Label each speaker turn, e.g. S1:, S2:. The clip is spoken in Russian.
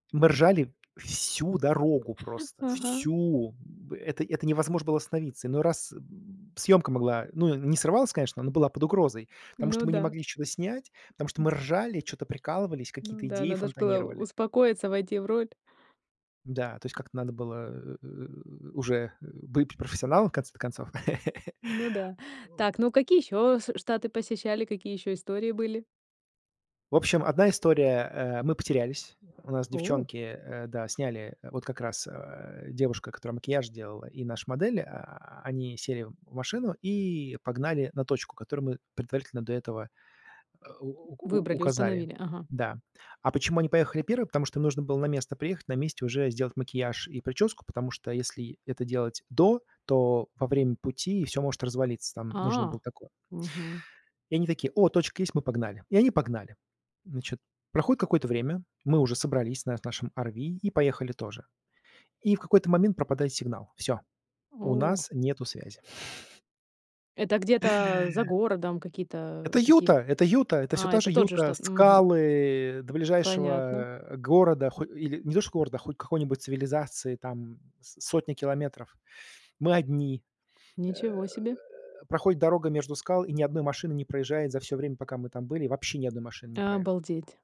S1: Мы ржали всю дорогу просто,
S2: Ага.
S1: всю. Б это это невозможно было остановиться, иной раз съёмка могла ну, не срывалась, конечно, но была под угрозой, потому что
S2: Ну
S1: мы не
S2: да.
S1: могли ничего снять, потому что
S2: М.
S1: мы ржали, чё-то прикалывались,
S2: Ну
S1: какие-то
S2: да,
S1: идеи
S2: надо ж было у
S1: фонтанировали.
S2: успокоиться, войти в роль.
S1: Да, то есть как-то надо было, э, уже, э, быть профессионалом, в конце-то концов.
S2: Ну да. Так, ну, какие ещё с штаты посещали? Какие ещё истории были?
S1: В общем, 1 история, э, мы потерялись. У нас
S2: О.
S1: девчонки, э, да, сняли вот как раз, а, девушка, которая макияж делала, и наша модель, а, они сели в машину и погнали на точку, которую мы предварительно до этого у у
S2: Выбрали,
S1: указали.
S2: установили. Ага.
S1: Да, а почему они поехали 1? Потому что им нужно было на место приехать, на месте уже сделать макияж и причёску, потому что если это делать до, то во время пути всё может развалиться, там нужно было
S2: А!
S1: такое
S2: Мгм.
S1: И они такое: "О, точка есть- мы погнали" И они погнали. Значит, проходит какое-то время, мы уже собрались на нашем RV и поехали тоже. И в какой-то момент пропадает сигнал, всё, у
S2: О.
S1: нас нету связи.
S2: Это где-то за городом какие-то
S1: Это Юта!
S2: такие
S1: Это Юта! Это всё
S2: А,
S1: та
S2: это
S1: же
S2: тот же
S1: Юта.
S2: штат. Мгм.
S1: Скалы, э, до ближайшего,
S2: Понятно.
S1: а, города, ху или, не то что города, хоть какой-нибудь цивилизации, там с сотни километров, мы одни. Э,
S2: Ничего себе.
S1: проходит дорога между скал, и ни 1 машины не проезжает за всё время, пока мы там были, вообще ни 1 машины не проехало.
S2: Обалдеть.